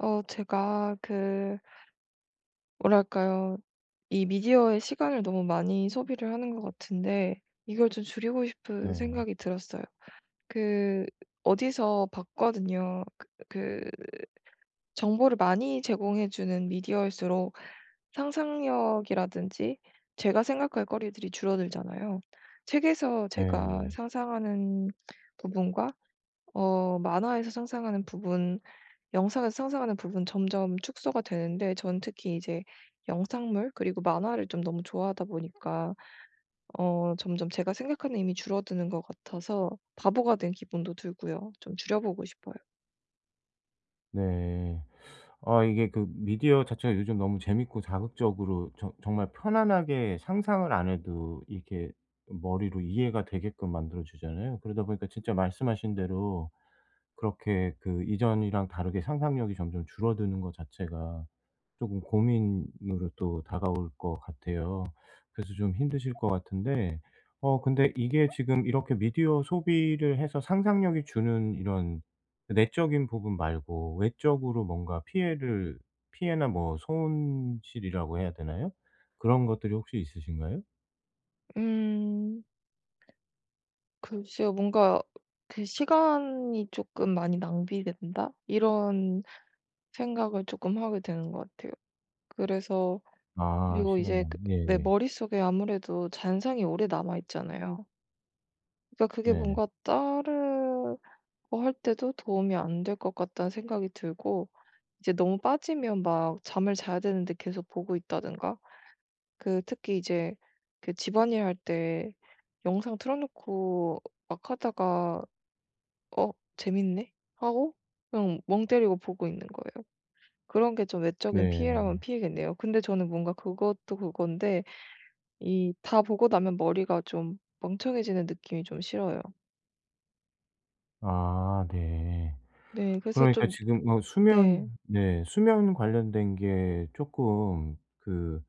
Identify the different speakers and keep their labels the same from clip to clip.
Speaker 1: 어 제가 그 뭐랄까요. 이 미디어의 시간을 너무 많이 소비를 하는 것 같은데 이걸 좀 줄이고 싶은
Speaker 2: 네.
Speaker 1: 생각이 들었어요. 그 어디서 봤거든요. 그 그 정보를 많이 제공해 주는 미디어일수록 상상력이라든지 제가 생각할 거리들이 줄어들잖아요. 책에서 제가
Speaker 2: 네예.
Speaker 1: 상상하는 부분과 어 만화에서 상상하는 부분, 영상에서 상상하는 부분 점점 축소가 되는데 저는 특히 이제 영상물 그리고 만화를 좀 너무 좋아하다 보니까 어 점점 제가 생각하는 힘이 줄어드는 것 같아서 바보가 된 기분도 들고요. 좀 줄여보고 싶어요.
Speaker 2: 네. 아 이게 그 미디어 자체가 요즘 너무 재밌고 자극적으로 저 정말 편안하게 상상을 안 해도 이렇게 머리로 이해가 되게끔 만들어 주잖아요. 그러다 보니까 진짜 말씀하신 대로 그렇게 그 이전이랑 다르게 상상력이 점점 줄어드는 거 자체가 쪼금 고민으로 또 다가올 거 같아요. 그래서 좀 힘드실 거 같은데 어 근데 이게 지금 이렇게 미디어 소비를 해서 상상력이 주는 이런 내적인 부분 말고 외적으로 뭔가 피해를 피해나 뭐 손실이라고 해야 되나요? 그런 것들이 혹시 있으신가요?
Speaker 1: 음. 글쎄요. 뭔가 그 '시간이 쪼끔 많이 낭비된다?' 이런 생각을 쪼끔 하게 되는 거 같아요. 그래서
Speaker 2: 아
Speaker 1: 그리고 이제
Speaker 2: 시간이요.
Speaker 1: 그 내
Speaker 2: 예예.
Speaker 1: 머릿속에 아무래도 잔상이 오래 남아 있잖아요. 그니까 그게
Speaker 2: 네.
Speaker 1: 뭔가 따르고 할 때도 '도움이 안 될 것 같다.'는 생각이 들고 이제 너무 빠지면 막 잠을 자야 되는데 계속 보고 있다든가. 그 특히 이제 그 집안일 할 때 영상 틀어놓고 막 하다가 '어 재밌네?'하고 그냥 멍 때리고 보고 있는 거예요. 그런 게 좀 외적인 피해라면
Speaker 2: 네.
Speaker 1: 피해겠네요. 근데 저는 뭔가 그것도 그건데 이 다 보고 나면 머리가 좀 멍청해지는 느낌이 좀 싫어요.
Speaker 2: 아 네.
Speaker 1: 네. 그래서
Speaker 2: 그러니까
Speaker 1: 좀
Speaker 2: 지금 어 수면
Speaker 1: 네.
Speaker 2: 네 수면 관련된 게 쪼끔 그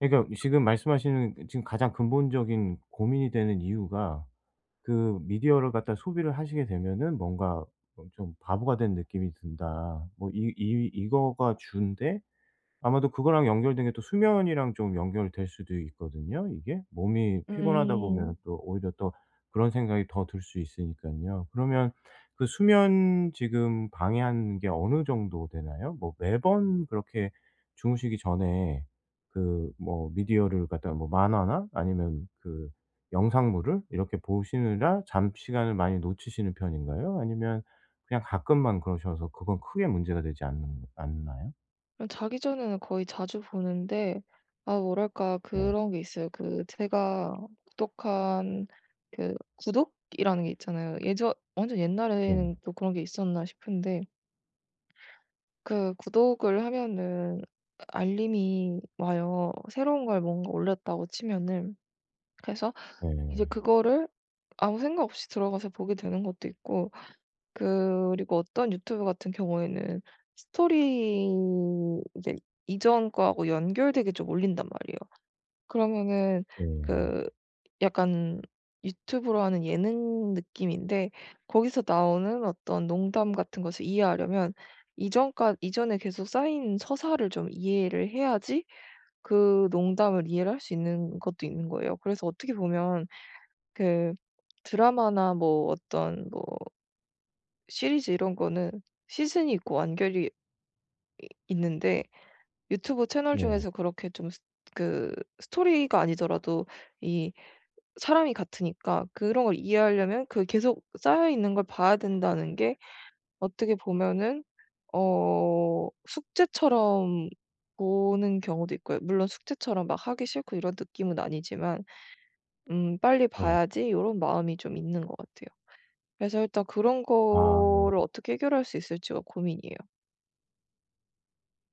Speaker 2: 그러니까 지금 말씀하시는 지금 가장 근본적인 고민이 되는 이유가 그 미디어를 갖다 소비를 하시게 되면은 뭔가 엄청 바보가 된 느낌이 든다. 뭐 이 이 이거가 주인데 아마도 그거랑 연결된 게 또 수면이랑 좀 연결될 수도 있거든요, 이게? 몸이 피곤하다 보면은
Speaker 1: 음.
Speaker 2: 또 오히려 또 그런 생각이 더 들 수 있으니깐요. 그러면 그 수면 지금 방해하는 게 어느 정도 되나요? 뭐 매번 그렇게 주무시기 전에 그 뭐 미디어를 갖다가 뭐 만화나 아니면 그 영상물을 이렇게 보시느라 잠 시간을 많이 놓치시는 편인가요? 아니면 그냥 가끔만 그러셔서 그건 크게 문제가 되지 않는 않나요?
Speaker 1: 어 자기 전에는 거의 자주 보는데 아 뭐랄까
Speaker 2: 네.
Speaker 1: 그런 게 있어요. 그 제가 구독한 그 구독이라는 게 있잖아요. 예전 완전
Speaker 2: 예.
Speaker 1: 옛날에는 또 그런 게 있었나 싶은데 그 구독을 하면은 알림이 와요, 새로운 걸 뭔가 올렸다고 치면은. 그래서 이제
Speaker 2: 예.
Speaker 1: 그거를 아무 생각 없이 들어가서 보게 되는 것도 있고 그리고 어떤 유튜브 같은 경우에는 스토리 이제 이전 거하고 연결되게 좀 올린단 말이에요. 그러면은
Speaker 2: 예.
Speaker 1: 그 약간 유튜브로 하는 예능 느낌인데 거기서 나오는 어떤 농담 같은 것을 이해하려면 이전까 이전에 계속 쌓인 서사를 좀 이해를 해야지 그 농담을 이해를 할 수 있는 것도 있는 거예요. 그래서 어떻게 보면 그 드라마나 뭐 어떤 뭐 시리즈 이런 거는 시즌이 있고 완결이 이 있는데 유튜브 채널
Speaker 2: 네.
Speaker 1: 중에서 그렇게 좀 스 그 스토리가 아니더라도 이 사람이 같으니까 그런 걸 이해하려면 그 계속 쌓여 있는 걸 봐야 된다는 게 어떻게 보면은 어 숙제처럼 보는 경우도 있고요, 물론 숙제처럼 막 하기 싫고 이런 느낌은 아니지만. 음 '빨리
Speaker 2: 예.
Speaker 1: 봐야지.' 요런 마음이 좀 있는 것 같아요. 그래서 일단 그런
Speaker 2: 아.
Speaker 1: 거를 어떻게 해결할 수 있을지가 고민이에요.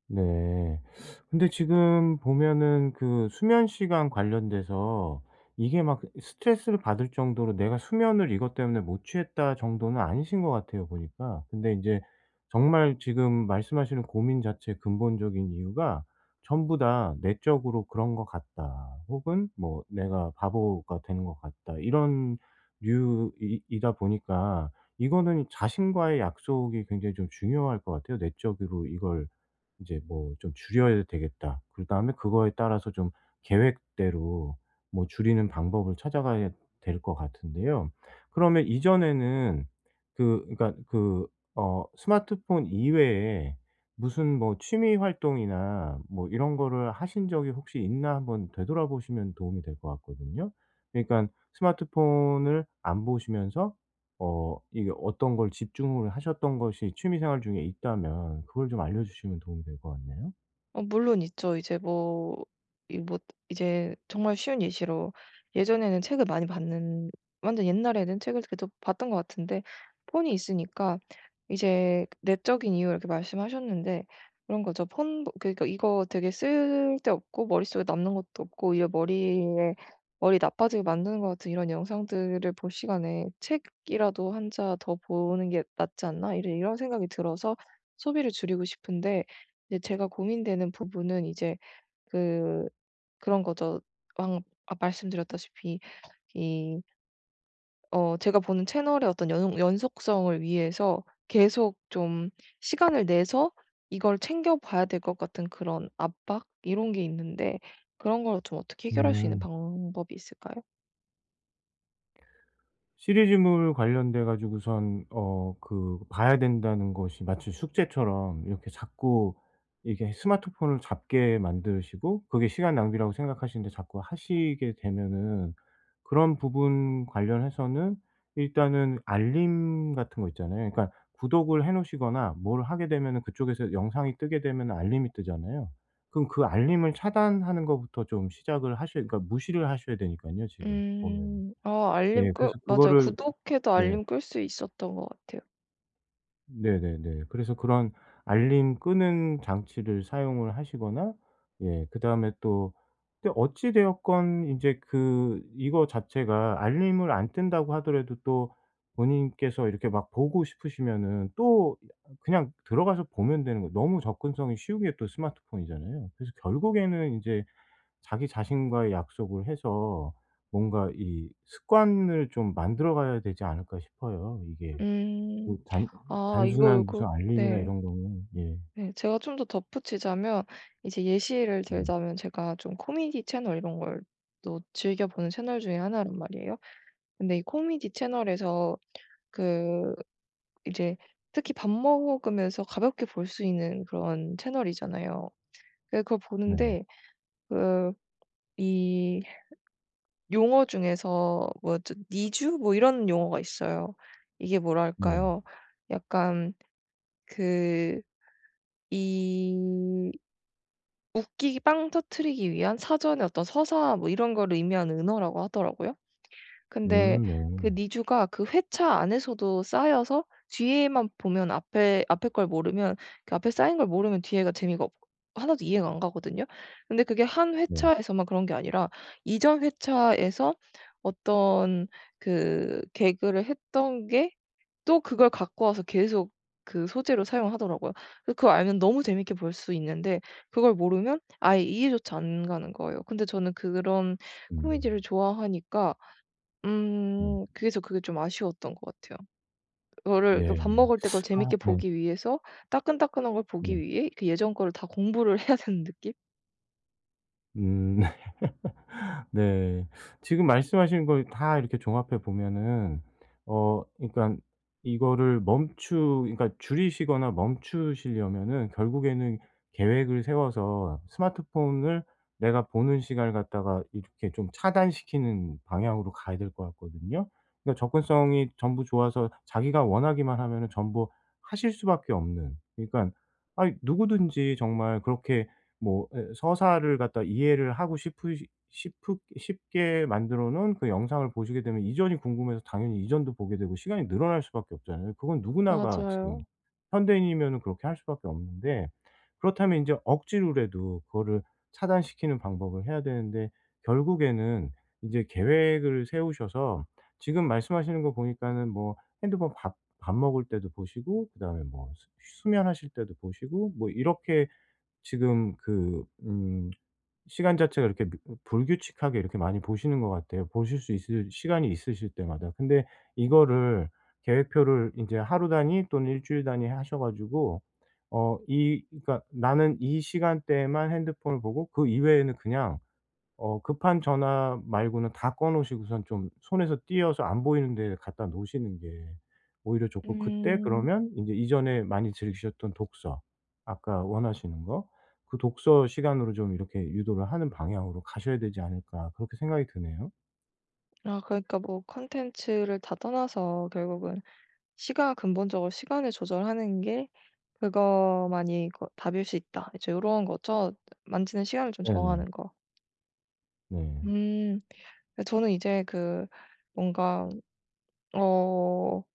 Speaker 2: 네. 근데 지금 보면은 그 수면 시간 관련돼서 이게 막 스트레스를 받을 정도로 '내가 수면을 이것 때문에 못 취했다.' 정도는 아니신 것 같아요, 보니까. 근데 인제 정말 지금 말씀하시는 고민 자체의 근본적인 이유가 전부 다 '내적으로 그런 것 같다.' 혹은 뭐 '내가 바보가 되는 것 같다.' 이런 류 이 이다 보니까 이거는 자신과의 약속이 굉장히 좀 중요할 것 같아요. '내적으로 이걸 이제 뭐 좀 줄여야 되겠다.' 그다음에 그거에 따라서 좀 계획대로 뭐 줄이는 방법을 찾아가야 될 것 같은데요. 그러면 이전에는 그 그러니까 그 어 스마트폰 이외에 무슨 뭐 취미 활동이나 뭐 이런 거를 하신 적이 혹시 있나 한번 되돌아보시면 도움이 될 것 같거든요. 그니깐 스마트폰을 안 보시면서 어 이게 어떤 걸 집중을 하셨던 것이 취미 생활 중에 있다면 그걸 좀 알려주시면 도움이 될 것 같네요.
Speaker 1: 어 물론 있죠. 이제 뭐 이 뭐 이제 정말 쉬운 예시로 예전에는 책을 많이 봤는 완전 옛날에는 책을 그래도 봤던 것 같은데 폰이 있으니까 이제 내적인 이유를 이렇게 말씀하셨는데 그런 거죠. 폰 그러니깐 이거 되게 쓸데없고 머릿속에 남는 것도 없고 이게 머리에 머리 나빠지게 만드는 것 같은 이런 영상들을 볼 시간에 '책이라도 1 자 더 보는 게 낫지 않나?' 이제 이런 생각이 들어서 소비를 줄이고 싶은데 이제 제가 고민되는 부분은 이제 그 그런 거죠. 방금 아 말씀드렸다시피 이 어 제가 보는 채널의 어떤 연 연속성을 위해서 계속 좀 시간을 내서 이걸 챙겨 봐야 될 것 같은 그런 압박 이런 게 있는데 그런 걸 좀 어떻게 해결할 수 있는
Speaker 2: 음.
Speaker 1: 방법이 있을까요?
Speaker 2: 시리즈물 관련돼 가지고선 어 그 봐야 된다는 것이 마치 숙제처럼 이렇게 자꾸 이게 스마트폰을 잡게 만드시고 그게 시간 낭비라고 생각하시는데 자꾸 하시게 되면은 그런 부분 관련해서는 일단은 알림 같은 거 있잖아요. 그러니까 구독을 해 놓으시거나 뭘 하게 되면은 그쪽에서 영상이 뜨게 되면은 알림이 뜨잖아요. 그럼 그 알림을 차단하는 것부터 좀 시작을 하셔야 그러니까 무시를 하셔야 되니깐요 지금 보면은.
Speaker 1: 음 아 알림
Speaker 2: 예
Speaker 1: 끄
Speaker 2: 그래서
Speaker 1: 맞아요.
Speaker 2: 그거를
Speaker 1: 구독해도
Speaker 2: 네.
Speaker 1: 알림 끌 수 있었던 것 같아요.
Speaker 2: 네네네. 그래서 그런 알림 끄는 장치를 사용을 하시거나 예 그다음에 또, 또 어찌 되었건 인제 그 이거 자체가 알림을 안 뜬다고 하더라도 또 본인께서 이렇게 막 보고 싶으시면은 또 이 아 그냥 들어가서 보면 되는 거 너무 접근성이 쉬운 게 또 스마트폰이잖아요. 그래서 결국에는 이제 자기 자신과의 약속을 해서 뭔가 이 습관을 좀 만들어 가야 되지 않을까 싶어요. 이게
Speaker 1: 음.
Speaker 2: 그 단
Speaker 1: 아 이거
Speaker 2: 단순한 무슨
Speaker 1: 요거
Speaker 2: 알림이나
Speaker 1: 네.
Speaker 2: 이런 거는 예.
Speaker 1: 네. 제가 좀 더 덧붙이자면 이제 예시를
Speaker 2: 네.
Speaker 1: 들자면 제가 좀 코미디 채널 이런 걸 또 즐겨 보는 채널 중의 1 란 말이에요. 근데 이 코미디 채널에서 그 이제 특히 밥 먹으면서 가볍게 볼 수 있는 그런 채널이잖아요. 그래서 그걸
Speaker 2: 네네.
Speaker 1: 보는데 그 이 용어 중에서 뭐 저 니주 뭐 이런 용어가 있어요. 이게 뭐라
Speaker 2: 네.
Speaker 1: 할까요. 약간 그 이 웃기기 빵 터뜨리기 위한 사전의 어떤 서사 뭐 이런 거를 의미하는 은어라고 하더라고요. 근데
Speaker 2: 음
Speaker 1: 그
Speaker 2: 네.
Speaker 1: 니주가 그 회차 안에서도 쌓여서 뒤에만 보면 앞에, 앞에 걸 모르면 그 앞에 쌓인 걸 모르면 뒤에가 재미가 없 1 도 이해가 안 가거든요. 근데 그게 1
Speaker 2: 네.
Speaker 1: 회차에서만 그런 게 아니라 이전 회차에서 어떤 그 개그를 했던 게 또 그걸 갖고 와서 계속 그 소재로 사용을 하더라고요. 그걸 알면 너무 재밌게 볼 수 있는데 그걸 모르면 아예 이해조차 안 가는 거예요. 근데 저는 그런 코미디를
Speaker 2: 음.
Speaker 1: 좋아하니까
Speaker 2: 네.
Speaker 1: 음 그래서 그게 좀 아쉬웠던 거 같아요. 그거를 그
Speaker 2: 네.
Speaker 1: 밥 먹을 때 그걸
Speaker 2: 아
Speaker 1: 재밌게
Speaker 2: 네.
Speaker 1: 보기 위해서 따끈따끈한 걸 보기
Speaker 2: 네.
Speaker 1: 위해 그 예전 거를 다 공부를 해야 되는 느낌?
Speaker 2: 음. 네. 지금 말씀하신 거 이 다 이렇게 종합해 보면은 어 그러니까 이거를 멈추 그러니까 줄이시거나 멈추시려면은 결국에는 계획을 세워서 스마트폰을 내가 보는 시간을 갖다가 이렇게 좀 차단시키는 방향으로 가야 될 것 같거든요. 그니까 접근성이 전부 좋아서 자기가 원하기만 하면은 전부 하실 수밖에 없는 그러니까 아이 누구든지 정말 그렇게 뭐 예 서사를 갖다가 이해를 하고 싶으시 싶으 싶게 만들어 놓은 그 영상을 보시게 되면 이전이 궁금해서 당연히 이전도 보게 되고 시간이 늘어날 수밖에 없잖아요. 그건 누구나가
Speaker 1: 맞아요.
Speaker 2: 지금 현대인이면은 그렇게 할 수밖에 없는데. 그렇다면 인제 억지로라도 그거를 차단시키는 방법을 해야 되는데 결국에는 이제 계획을 세우셔서 지금 말씀하시는 거 보니까는 뭐 핸드폰 밥 밥 먹을 때도 보시고 그다음에 뭐 수 수면하실 때도 보시고 뭐 이렇게 지금 그 음 시간 자체가 이렇게 뭐 불규칙하게 이렇게 많이 보시는 것 같아요, 보실 수 있을 시간이 있으실 때마다. 근데 이거를 계획표를 인제 하루 단위 또는 1 주일 단위 하셔 가지고 어 이 그니까 나는 이 시간대에만 핸드폰을 보고 그 이외에는 그냥 어 급한 전화 말고는 다 꺼 놓으시고선 좀 손에서 떼어서 안 보이는 데에 갖다 놓으시는 게 오히려 좋고 그때
Speaker 1: 음.
Speaker 2: 그러면 인제 이전에 많이 즐기셨던 독서, 아까 원하시는 거. 그 독서 시간으로 좀 이렇게 유도를 하는 방향으로 가셔야 되지 않을까 그렇게 생각이 드네요.
Speaker 1: 아 그러니까 뭐 콘텐츠를 다 떠나서 결국은 시가 근본적으로 시간을 조절하는 게 그거만이 그거 답일 수 있다. 이제 요런 거죠, 만지는 시간을 좀
Speaker 2: 네네.
Speaker 1: 정하는 거?
Speaker 2: 네.
Speaker 1: 음. 그니까 저는 이제 그 뭔가 어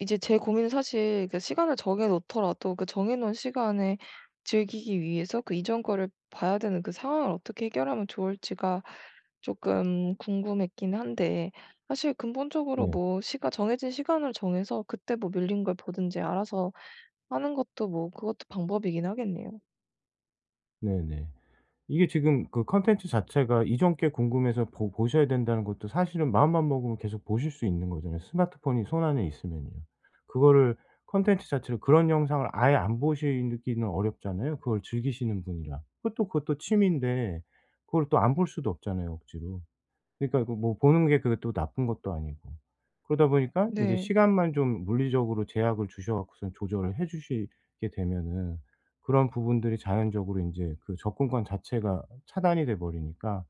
Speaker 1: 이제 제 고민은 사실 그 시간을 정해 놓더라도 그 정해 놓은 시간에 즐기기 위해서 그 이전 거를 봐야 되는 그 상황을 어떻게 해결하면 좋을지가 쪼끔 궁금했긴 한데 사실 근본적으로
Speaker 2: 네.
Speaker 1: 뭐 시가 정해진 시간을 정해서 그때 뭐 밀린 걸 보든지 알아서 하는 것도 뭐 그것도 방법이긴 하겠네요.
Speaker 2: 네네. 이게 지금 그 콘텐츠 자체가 이전 게 궁금해서 보 보셔야 된다는 것도 사실은 마음만 먹으면 계속 보실 수 있는 거잖아요. 스마트폰이 손안에 있으면요. 그거를 콘텐츠 자체를 그런 영상을 아예 안 보시느 기는 어렵잖아요 그걸 즐기시는 분이라. 그것도, 그것도 취미인데 그걸 또 안 볼 수도 없잖아요 억지로. 그러니까 이거 뭐 보는 게 그게 또 나쁜 것도 아니고. 그러다 보니까 인제
Speaker 1: 네.
Speaker 2: 시간만 좀 물리적으로 제약을 주셔 갖고서 조절을 해 주시게 되면은 그런 부분들이 자연적으로 인제 그 접근권 자체가 차단이 돼 버리니까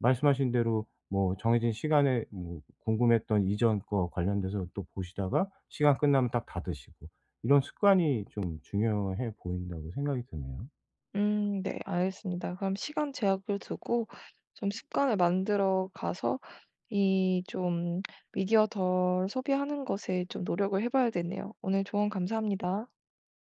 Speaker 2: 말씀하신 대로 뭐 정해진 시간에 뭐 궁금했던 이전 거 관련돼서 또 보시다가 시간 끝나면 딱 닫으시고 '이런 습관이 좀 중요해 보인다.'고 생각이 드네요.
Speaker 1: 음 네 알겠습니다. 그럼 시간 제약을 두고 좀 습관을 만들어 가서 이 좀 미디어 덜 소비하는 것에 좀 노력을 해 봐야 되네요. 오늘 조언 감사합니다.